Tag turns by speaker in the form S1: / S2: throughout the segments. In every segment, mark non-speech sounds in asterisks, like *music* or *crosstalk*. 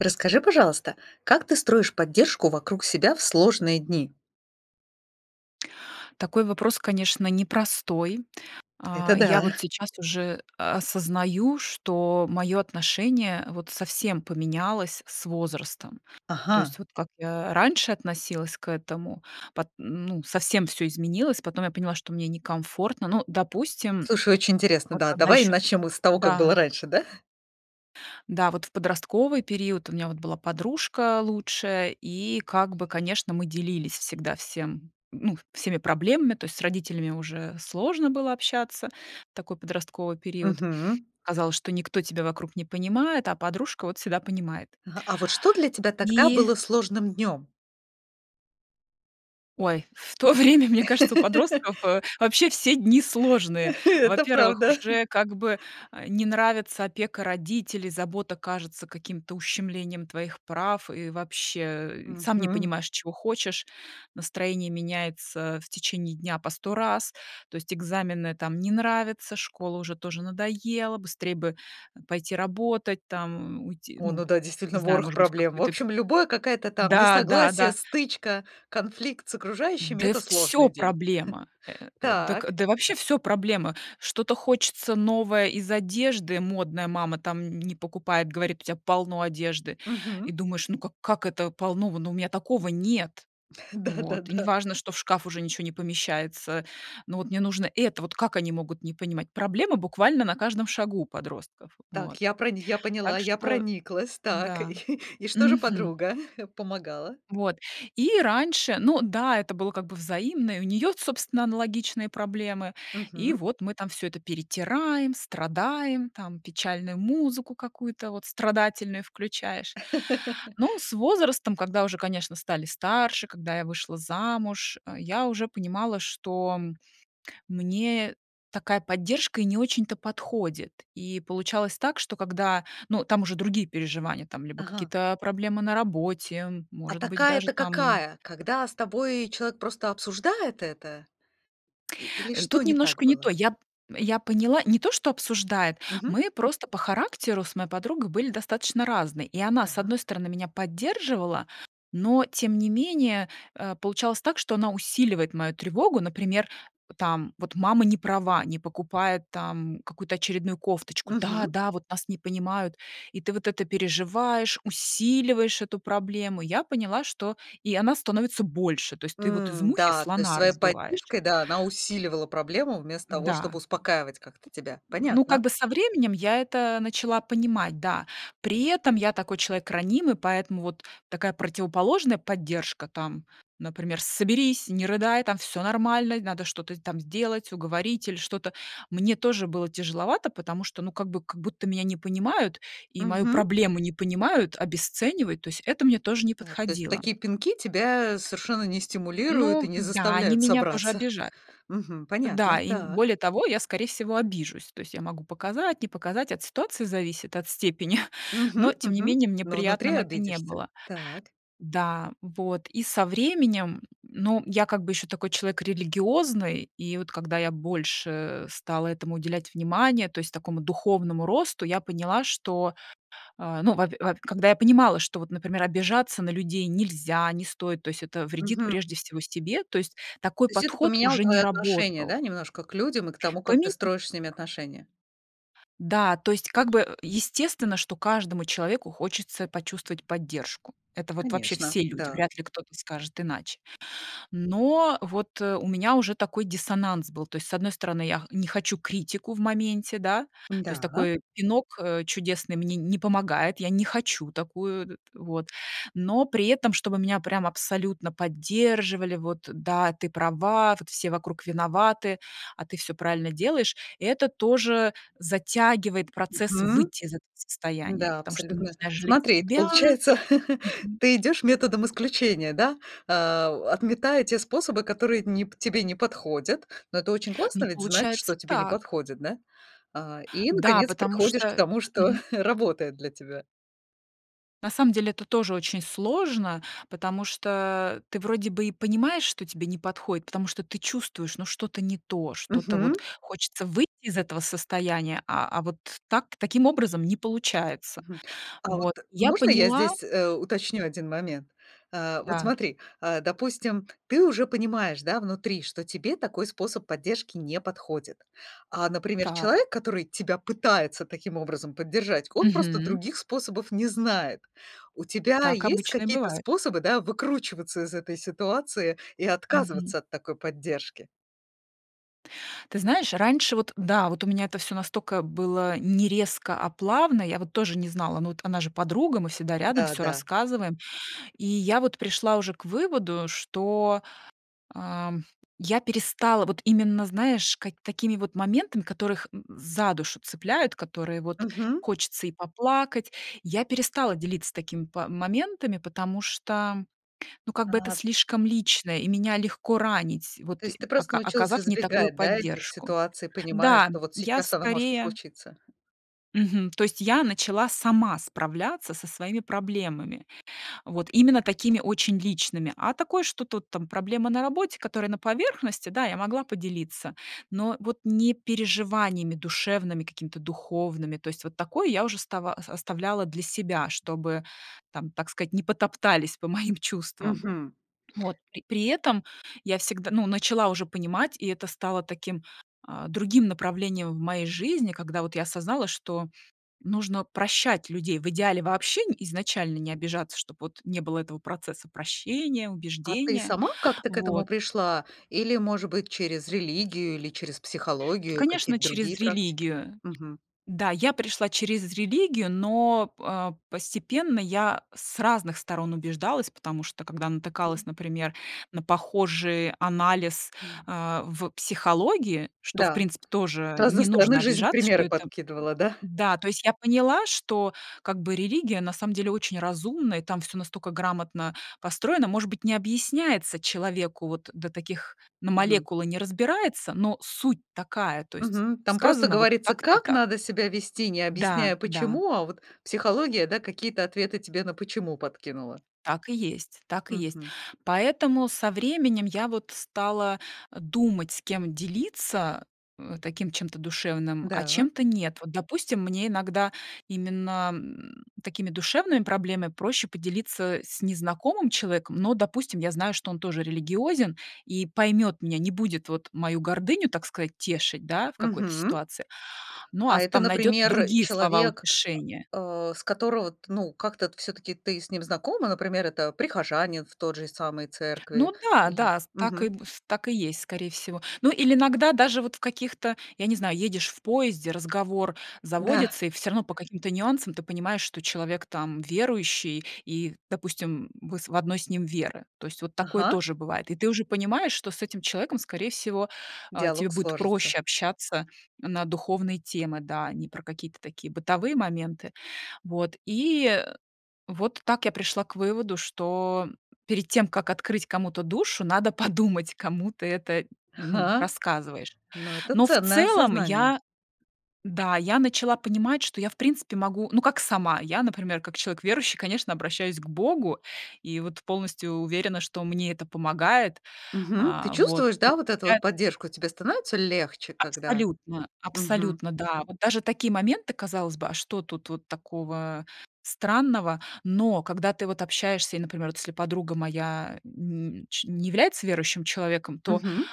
S1: Расскажи, пожалуйста, как ты строишь поддержку вокруг себя в сложные дни.
S2: Такой вопрос, конечно, непростой. А,
S1: Это
S2: я
S1: да.
S2: вот сейчас уже, э, осознаю, что мое отношение вот совсем поменялось с возрастом. То есть,
S1: Ага.
S2: вот как я раньше относилась к этому, пот ну совсем всё изменилось, потом я поняла, что мне некомфортно. Ну, допустим,
S1: Слушай, очень интересно,
S2: вот
S1: да,
S2: когда
S1: давай
S2: еще
S1: начнем мы с того, как было
S2: да.
S1: раньше, да.
S2: Да, вот в подростковый период у меня вот была подружка лучшая, и как бы, конечно, мы делились всегда всем, ну, всеми проблемами, то есть с родителями уже сложно было общаться в такой подростковый период.
S1: Мгм.
S2: Казалось, что никто тебя вокруг не понимает, а подружка вот всегда понимает.
S1: Ага. А вот что для тебя тогда
S2: И
S1: было сложным днем?
S2: Ой, в то время, мне кажется, у подростков, э,
S1: *laughs*
S2: вообще все дни сложные.
S1: *chuckles* Да,
S2: Во-первых,
S1: правда! *chuckles*
S2: уже как бы, э, не нравится опека родителей, забота кажется каким-то ущемлением твоих прав, и вообще, э, сам не
S1: Мгм.
S2: понимаешь, чего хочешь, настроение меняется, а, в течение дня по 100 раз, то есть экзамены там не нравятся, школа уже тоже надоела, быстрей бы, э, пойти работать, там, м, уйти,
S1: О,
S2: ну
S1: ну да,
S2: не
S1: действительно,
S2: знаю,
S1: ворох
S2: может быть, в
S1: проблем! В
S2: какой-то
S1: общем, любое какое-то там
S2: Да да
S1: несогласие,
S2: да.
S1: стычка, конфликт с окружающими-
S2: Да
S1: это
S2: всё
S1: сложный день.
S2: проблема!
S1: *chuckles*
S2: Э, дак
S1: Так.
S2: да, вообще всё проблема. Что-то хочется новое из одежды, модное, мама там н не покупает, говорит: "У тебя полно одежды!" И
S1: Мгм.
S2: думаешь: "Ну, как как это полно? В ну, у меня такого нет".
S1: *chuckles* Да да
S2: Вот, и не
S1: да.
S2: важно, что в шкаф уже ничего не помещается. Ну, вот мне нужно это. Вот как они могут не понимать. Проблема буквально на каждом шагу у подростков. Вот.
S1: Так, я про я поняла,
S2: Так
S1: я
S2: что,
S1: прониклась, так.
S2: да.
S1: *chuckles* И что же
S2: Мгм.
S1: подруга? *chuckles* Помогала?
S2: Вот, и раньше Ну да, это было как бы взаимно, и у нее, собственно, аналогичные проблемы. И
S1: Мгм.
S2: вот мы там всё это перетираем, страдаем, там печальную музыку какую-то вот страдательную включаешь.
S1: *chuckles*
S2: Ну, с возрастом, когда уже, конечно, стали старше, когда я вышла замуж, а, я уже понимала, что мне такая поддержка и не очень-то подходит. И получалось так, что когда, ну, там уже другие переживания, там, либо
S1: Ага.
S2: какие-то, а, проблемы на работе,
S1: А
S2: может быть,
S1: такая-
S2: даже
S1: это
S2: там
S1: какая? Когда с тобой человек просто обсуждает это? И или
S2: Э,
S1: что
S2: тут
S1: не так
S2: немножко не то.
S1: было?
S2: Я п я поняла, не то, что обсуждает.
S1: Мгм.
S2: Мы просто по характеру с моей подругой были достаточно разные. И она, с
S1: Так.
S2: одной стороны, меня поддерживала, но тем не менее, а, получалось так, что она усиливает мою тревогу. Например, там вот мама не права, не покупает там какую-то очередную кофточку: "Да,
S1: Мгм.
S2: да, вот нас не понимают!" И ты вот это переживаешь, усиливаешь эту проблему. И я поняла, что и она становится больше, то есть ты вот из
S1: М,
S2: мухи
S1: да, то есть
S2: слона
S1: своей
S2: раздуваешь.
S1: поддержкой, да, она усиливала проблему, вместо того
S2: Да.
S1: чтобы успокаивать как-то тебя.
S2: Ну, как
S1: Понятно.
S2: бы со временем я это, э, начала понимать, да при этом я такой человек ранимый, поэтому вот такая противоположная поддержка, там, например: "Соберись, не рыдай, там всё нормально, надо что-то с там сделать, уговорить или что-то". Мне тоже было тяжеловато, потому что, ну, как будто меня не понимают, и мою
S1: Мгм.
S2: проблему не понимают, обесценивают, то есть это мне тоже не
S1: Да, то есть
S2: подходило.
S1: такие пинки тебя совершенно не стимулируют и
S2: Ну
S1: не
S2: да, они
S1: заставляют
S2: меня тоже
S1: собраться.
S2: обижают.
S1: Мгм,
S2: Да,
S1: понятно.
S2: и
S1: Так.
S2: более того, я, скорее всего, обижусь, то есть я могу показать, не показать, от ситуации зависит, от степени, *chuckles* но
S1: Мгм
S2: тем не
S1: мгм.
S2: менее мне
S1: Но внутри
S2: приятным это не
S1: обидишься.
S2: было.
S1: Так.
S2: Да, вот, и со временем, ну, я как бы ещё такой человек религиозный, и вот когда я больше, э, стала этому уделять внимания, то есть такому духовному росту, я поняла, что, а, ну, во пе во пе когда я понимала, что вот, например, обижаться на людей нельзя, не стоит, то есть это вредит,
S1: Мгм.
S2: прежде всего, себе. То есть такой
S1: То есть это
S2: подход
S1: поменяло
S2: уже не
S1: твое отношение,
S2: работал.
S1: да, немножко к людям и к тому, как
S2: Пони
S1: ты строишь с ними отношения?
S2: Да, то есть как бы, э, естественно, что каждому человеку хочется почувствовать поддержку. Это вот вообще
S1: Конечно,
S2: все люди,
S1: да.
S2: вряд ли кто-то скажет иначе. Но вот, э, у меня уже такой диссонанс был, то есть, с одной стороны, я х не хочу критику в моменте, да, то есть
S1: Да.
S2: такой пинок, э, чудесный мне не помогает, я не хочу такую, э, вот. Но при этом, чтобы меня прям абсолютно поддерживали: "Вот, да, ты права, вот все вокруг виноваты, а ты всё правильно делаешь". Это тоже затягивает процесс
S1: Мгм.
S2: выйти из этого состояния,
S1: Да,
S2: потому что
S1: абсолютно.
S2: начинаешь жалеть
S1: Смотри,
S2: себя.
S1: получается, *laughs*
S2: Мгм.
S1: ты идешь методом исключения, да. А, у отметая те способы, которые не п тебе не подходят. Но это очень
S2: Ну,
S1: классно ведь знать,
S2: получается
S1: что тебе не
S2: так.
S1: подходит, да? А, и,
S2: Да,
S1: наконец,
S2: потому
S1: приходишь к
S2: что
S1: тому, что
S2: Мгм.
S1: *chuckles* работает для тебя.
S2: На самом деле, это тоже очень сложно. Потому что, а, ты вроде бы и понимаешь, что тебе не подходит, потому что ты чувствуешь, ну, что-то не то, что-то вот
S1: Мгм.
S2: хочется выйти из этого состояния, а, а, вот так таким образом не получается.
S1: Мгм. А вот
S2: Вот и я
S1: можно я
S2: поняла.
S1: здесь, э, уточню один момент? А, вот
S2: Да.
S1: смотри, а, допустим, ты уже понимаешь, да, внутри, что тебе такой способ поддержки не подходит. А, например,
S2: Так.
S1: человек, который тебя пытается таким образом поддержать, он просто
S2: Мгм.
S1: других способов не знает. У тебя
S2: Так
S1: есть
S2: обычно и
S1: какие-то
S2: бывает.
S1: способы, да, выкручиваться из этой ситуации и
S2: Мгм.
S1: отказываться от такой поддержки?
S2: Ты знаешь, раньше вот, э, да, вот у меня это всё настолько было не резко, а плавно, я вот тоже не знала, но вот она же подруга, мы всегда рядом,
S1: Да,
S2: всё
S1: да.
S2: рассказываем. И я вот пришла уже к выводу, что, ам, я перестала вот именно, знаешь, ка какими вот моментами, которых, м, за душу цепляют, которые вот
S1: Мгм.
S2: хочется и поплакать, я перестала делиться такими па моментами, потому что, ну, как бы это
S1: Так.
S2: слишком личное и меня легко ранить,
S1: То
S2: вот, э,
S1: есть ты просто
S2: ока
S1: научилась
S2: оказав не такую
S1: избегать, да, этих
S2: поддержку.
S1: ситуаций, понимая,
S2: Да,
S1: что вот
S2: я
S1: сейчас оно может
S2: скорее
S1: случиться.
S2: Мгм. То есть я начала сама справляться со своими проблемами, вот, именно такими очень личными. А такое, что тут там проблемы на работе, которые на поверхности, да, я могла поделиться, но, э, вот не переживаниями душевными, какими-то духовными. То есть вот такое я уже става ос оставляла для себя, чтобы, там, так сказать, не потоптались по моим чувствам.
S1: Мгм.
S2: Вот. При при этом я всегда, ну, начала уже понимать, и это стало таким, а, другим направлением в моей жизни, когда вот я осознала, что нужно прощать людей, в идеале вообще, н изначально не обижаться, чтоб вот не было этого процесса прощения,
S1: А ты
S2: убеждения,
S1: сама как-то к этому
S2: вот.
S1: пришла? Или, может быть, через религию или через психологию?
S2: Конечно,
S1: Какие-то другие
S2: через
S1: практики?
S2: религию.
S1: Мгм.
S2: Да, я пришла через религию, но п а, постепенно я, э, с разных сторон убеждалась, потому что когда натыкалась, например, на похожий анализ,
S1: М.
S2: а, в психологии, что, в
S1: Да.
S2: принципе, тоже,
S1: С
S2: э,
S1: разной
S2: не
S1: стороны
S2: нужно
S1: жизнь
S2: обижаться, что
S1: примеры
S2: это,
S1: подкидывала, да?
S2: да, то есть я поняла, что как бы религия на самом деле очень разумна, и там всё настолько грамотно построено, может быть, не объясняется человеку, вот, э, до таких, на
S1: Мгм.
S2: молекулы не разбирается, но суть такая, то есть
S1: Мгм. Там просто
S2: сказано вот
S1: говорится,
S2: так-то и
S1: как
S2: так.
S1: надо себя вести, не
S2: Да,
S1: объясняя
S2: да.
S1: почему, а вот психология, да, какие-то ответы тебе на почему подкинула.
S2: Так и есть, так и есть.
S1: Мгм.
S2: Поэтому со временем я вот стала, а, думать, с кем делиться, э, э, таким чем-то душевным, а
S1: Да.
S2: чем-то нет. Вот допустим, мне иногда именно, м, такими душевными проблемами проще поделиться, э, с незнакомым человеком, но, допустим, я знаю, что он тоже религиозен и поймёт меня, не будет вот мою гордыню, так сказать, тешить, да, в какой-то
S1: Мгм.
S2: ситуации, ну, а
S1: А
S2: с
S1: это,
S2: там найдёт
S1: например,
S2: другие слова
S1: человек,
S2: утешения.
S1: а, с которого ты, ну, как-то вот всё-таки ты с ним знакома, например, это прихожанин в той же самой церкви?
S2: Ну да,
S1: Или
S2: да, с так и,
S1: мгм.
S2: с так и есть, скорее всего. Ну или иногда даже вот в каких-то, я не знаю, едешь в поезде, разговор
S1: Да.
S2: заводится, и всё равно по каким-то нюансам ты понимаешь, что человек там, м, верующий и, допустим, м, вы с в одной с ним веры. То есть вот такое
S1: Ага.
S2: тоже бывает. И ты уже понимаешь, что с этим человеком, скорее всего, а, тебе
S1: Диалог
S2: будет
S1: сложится.
S2: проще общаться, м, на духовные темы, да, а не про какие-то такие бытовые моменты. Вот. И, э, вот так я пришла к выводу, что, м, перед тем, как открыть кому-то душу, надо подумать, кому ты это, м, ну,
S1: Ага.
S2: рассказываешь.
S1: Ну, это
S2: Но в
S1: ценное
S2: целом,
S1: осознание!
S2: я да, я начала понимать, что я, в принципе, могу, ну как сама, я, например, как человек верующий, конечно, обращаюсь к Богу и вот полностью уверена, что мне это помогает.
S1: Мгм. Ты
S2: А вот,
S1: чувствуешь,
S2: и
S1: да, вот эту вот
S2: получается
S1: поддержку? Тебе становится легче, когда
S2: Абсолютно,
S1: Мгм.
S2: абсолютно, да. Вот даже такие моменты, казалось бы, а что тут вот такого, а, странного? Но когда ты вот общаешься и, например вот, если подруга моя, э, н не ч не является верующим человеком, то
S1: Мгм.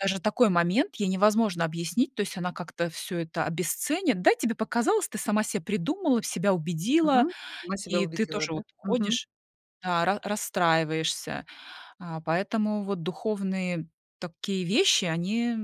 S2: даже такой момент ей невозможно объяснить, то есть она как-то всё это обесценит. Да, тебе показалось, ты сама себе придумала, себя убедила,
S1: Мгм, сама себя
S2: и ты
S1: убедила,
S2: тоже
S1: да?
S2: вот
S1: Мгм.
S2: ходишь да, ра расстраиваешься. А, поэтому вот духовные такие вещи, они, э,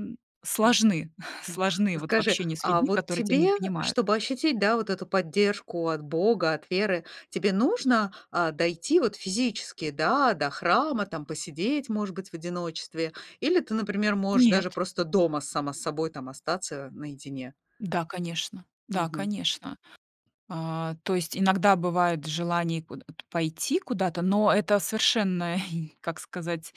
S1: М.
S2: сложны,
S1: М,
S2: сложны *exhales*
S1: а
S2: вот в
S1: скажи,
S2: общении с
S1: а
S2: людьми,
S1: вот
S2: которые тебя
S1: тебе,
S2: не
S1: э,
S2: понимают.
S1: чтобы ощутить, да, вот эту поддержку от Бога, от веры, тебе нужно, а, дойти вот физически, да, до храма, там посидеть, может быть, в одиночестве, или ты, например, можешь даже
S2: Нет.
S1: просто дома сама с собой там остаться, э, наедине.
S2: Да, конечно, да,
S1: Мгм.
S2: конечно. А, то есть иногда бывает желание куда-то пойти куда-то, но это совершенно и, как сказать,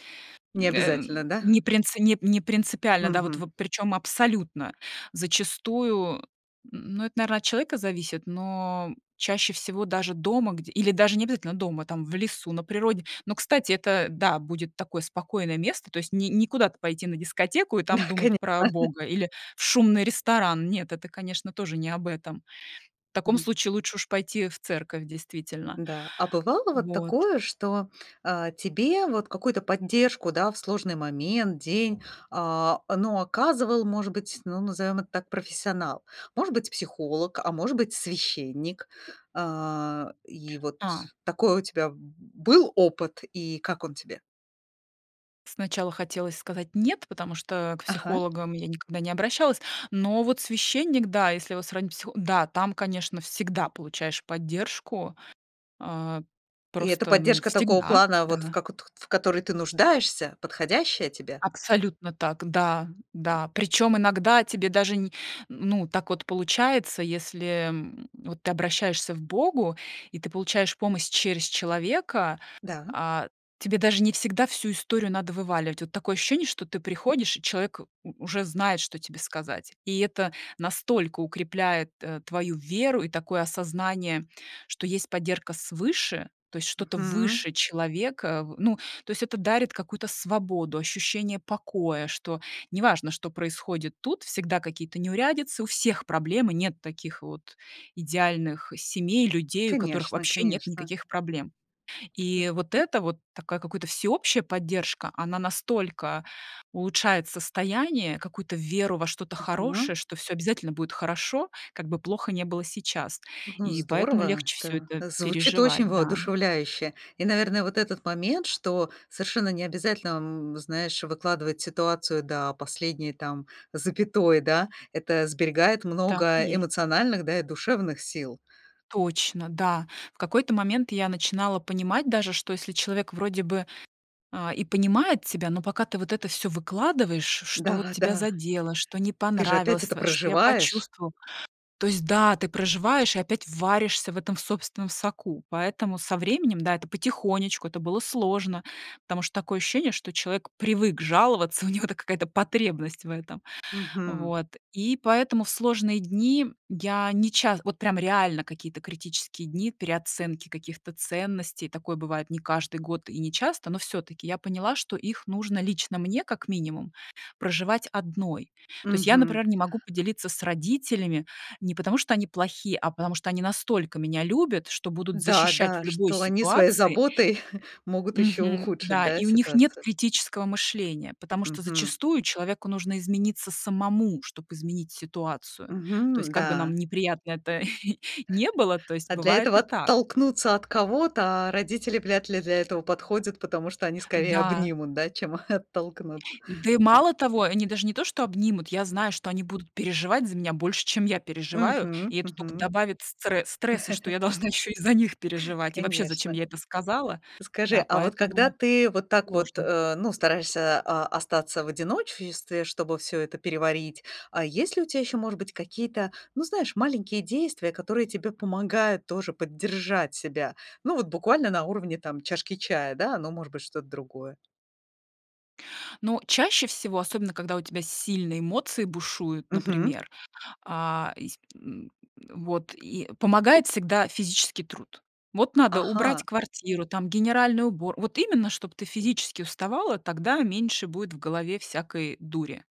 S1: Не
S2: м, э, м,
S1: обязательно, да.
S2: не принце не не принципиально, да, вот
S1: Мгм.
S2: вот, причём абсолютно. Зачастую, э, н ну, это, наверно, от человека зависит, но, м, чаще всего даже дома где или даже не обязательно дома, там в лесу, на природе. Но, кстати, это, э, да, будет такое спокойное место, то есть не не куда-то пойти на дискотеку и
S1: Да,
S2: там думать
S1: конечно.
S2: про, а, Бога или в шумный ресторан. Нет, это, конечно, тоже не об этом. В таком
S1: Мгм.
S2: случае лучше уж пойти, э, в церковь, действительно.
S1: Да, а бывало вот
S2: Вот.
S1: такое, что, а, тебе вот какую-то поддержку, да, в сложный момент, день, а, э, ну, оказывал, может быть, ну, назовем это так, профессионал? Может быть, психолог, а может быть, священник. А, и вот
S2: А.
S1: такой у тебя был опыт, и как он тебе?
S2: Сначала хотелось сказать: "Нет". Потому что, а, к
S1: Ага.
S2: психологам я никогда не обращалась, но вот священник, да, если его сравнить с психо да, там, конечно, всегда получаешь поддержку, а,
S1: И это
S2: просто, ну,
S1: поддержка такого
S2: всегда,
S1: плана, вот в
S2: да.
S1: како т х т в которой ты нуждаешься, подходящая тебе?
S2: Абсолютно так, да, да. Причём иногда тебе даже не, н ну так вот получается, если, м, вот ты обращаешься к Богу и ты получаешь помощь через человека,
S1: Да.
S2: а, тебе даже не всегда всю историю надо вываливать. Вот такое ощущение, что ты приходишь, и человек, э, у уже знает, что тебе сказать. И это настолько укрепляет, э, твою веру и такое осознание, что есть поддержка свыше, то есть что-то
S1: Мгм.
S2: выше человека, а, в ну, то есть это дарит какую-то свободу, ощущение покоя, что неважно, что происходит тут, всегда какие-то неурядицы, у всех проблемы, нет таких вот идеальных семей, людей, у которых
S1: Конечно
S2: вообще нет
S1: конечно.
S2: никаких проблем. И вот эта вот такая какая-то всеобщая поддержка, она настолько улучшает состояние, какую-то веру во что-то
S1: Ага.
S2: хорошее, что всё обязательно будет хорошо, как бы плохо ни было сейчас.
S1: Ну,
S2: И поэтому
S1: здорово,
S2: легче всё
S1: да,
S2: это
S1: звучит очень
S2: переживать, да.
S1: воодушевляюще. И, наверное, вот этот момент, что совершенно не обязательно, м, знаешь, выкладывать ситуацию до последней там запятой, да, это сберегает
S2: Так и
S1: много
S2: есть.
S1: эмоциональных, да, и душевных сил.
S2: Точно, да. В какой-то момент я начинала понимать даже, что если человек вроде бы, а, и понимает тебя, но пока ты вот это всё выкладываешь, ш что вот
S1: Да
S2: тебя
S1: да.
S2: задело, что не
S1: Ты же опять
S2: понравилось
S1: это
S2: твоё, что я
S1: проживаешь!
S2: почувствовала. То есть, да, ты проживаешь и опять варишься в этом собственном соку. Поэтому со временем, да, это потихонечку, это было сложно, потому что такое ощущение, что человек привык жаловаться, у него это какая-то потребность в этом.
S1: Мгм.
S2: Вот, и поэтому в сложные дни, м, я не ча вот прям реально какие-то критические дни переоценки каких-то ценностей, такое бывает не каждый год и не часто, но всё-таки я поняла, что их нужно лично мне, как минимум, проживать одной. То есть я,
S1: Мгм.
S2: например, не могу поделиться с родителями не потому, что они плохие, а потому что они настолько меня любят, что будут
S1: Да
S2: защищать в
S1: да,
S2: любой
S1: что они своей
S2: ситуации.
S1: заботой *chuckles* могут еще
S2: Мгм.
S1: ухудшить,
S2: Да,
S1: да,
S2: и у них нет
S1: ситуацию?
S2: критического мышления, потому что
S1: Мгм.
S2: зачастую человеку нужно измениться самому, чтоб изменить ситуацию. То есть,
S1: Мгм.
S2: как бы нам
S1: Да.
S2: неприятно *chuckles* это ни было, то есть,
S1: А для
S2: бывает
S1: этого
S2: и так.
S1: оттолкнуться от кого-то, а родители вряд ли для этого подходят, потому что они скорее
S2: Да.
S1: обнимут, да, чем, а, *chuckles* оттолкнут.
S2: Да и мало того, они даже не то что обнимут, я знаю, что они будут переживать за меня больше, чем я переживаю, и
S1: Мгм.
S2: это только
S1: Мгм.
S2: добавит стре стресса, что я
S1: *chuckles*
S2: должна ещё и за них переживать, и вообще, зачем
S1: Конечно.
S2: я это сказала.
S1: Скажи,
S2: Да,
S1: а вот когда
S2: поэтому
S1: ты вот так вот,
S2: сложно.
S1: э, ну, стараешься, а, остаться в одиночестве, чтобы всё это переварить. А есть ли у тебя еще, может быть, какие-то, ну, знаешь, маленькие действия, которые тебе помогают тоже поддержать себя? Ну, вот буквально на уровне там чашки чая, да? Ну, может быть, что-то другое.
S2: Ну, чаще всего, особенно когда у тебя сильные эмоции бушуют,
S1: Мгм.
S2: например, а, ис м, м, вот, и помогает всегда физический труд. Вот надо
S1: Ага!
S2: убрать квартиру, там генеральный убор вот именно, чтоб ты физически уставала, тогда меньше будет в голове всякой дури,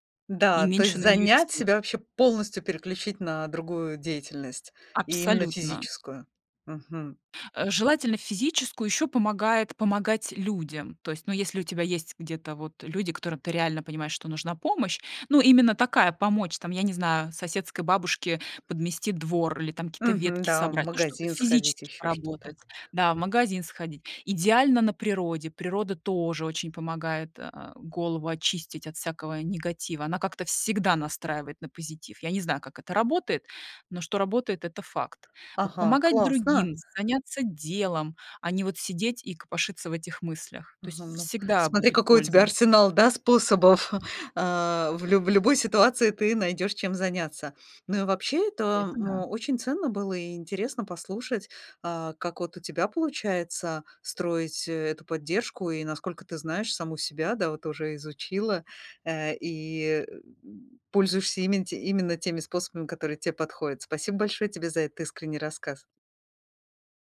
S2: и
S1: Да, то есть
S2: меньше на нее
S1: занять
S2: сил.
S1: себя, вообще, полностью переключить на другую деятельность, и именно
S2: Абсолютно.
S1: физическую. Мгм.
S2: Э, желательно физическую, ещё помогает помогать людям. То есть, ну, если у тебя есть где-то вот люди, которым ты реально понимаешь, что нужна помощь. Ну, именно такая, помочь там, я не знаю, соседской бабушке подмести двор или там какие-то
S1: Мгм.
S2: ветки
S1: Да, в
S2: собрать, ну, что-то
S1: магазин сходить,
S2: физически
S1: еще что-то.
S2: поработать, да, в магазин сходить. Идеально- на природе, природа тоже очень помогает, э, голову очистить от всякого негатива, она как-то всегда настраивает на позитив. Я не знаю, как это работает, но что работает- это факт. Вот,
S1: Ага,
S2: помогать
S1: классно!
S2: другим, заняться делом, а не вот сидеть и копошиться в этих мыслях. То есть,
S1: Мгм, ну
S2: всегда
S1: Смотри,
S2: будет
S1: какой у тебя
S2: польза.
S1: арсенал, да, способов. *chuckles* Э, в лю в любой ситуации ты найдешь, чем заняться. Ну и вообще это,
S2: Это да.
S1: м, очень ценно было и интересно послушать, а, как вот у тебя получается строить, э, эту поддержку и, насколько ты знаешь, саму себя, да, вот уже изучила, э, и, м, пользуешься именно те именно теми способами, которые те подходят. Спасибо большое тебе за этот искренний рассказ!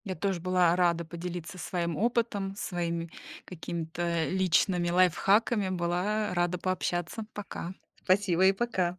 S2: Я тоже была рада поделиться своим опытом, своими какими-то личными лайфхаками, была, а, рада пообщаться! Пока!
S1: Спасибо и пока!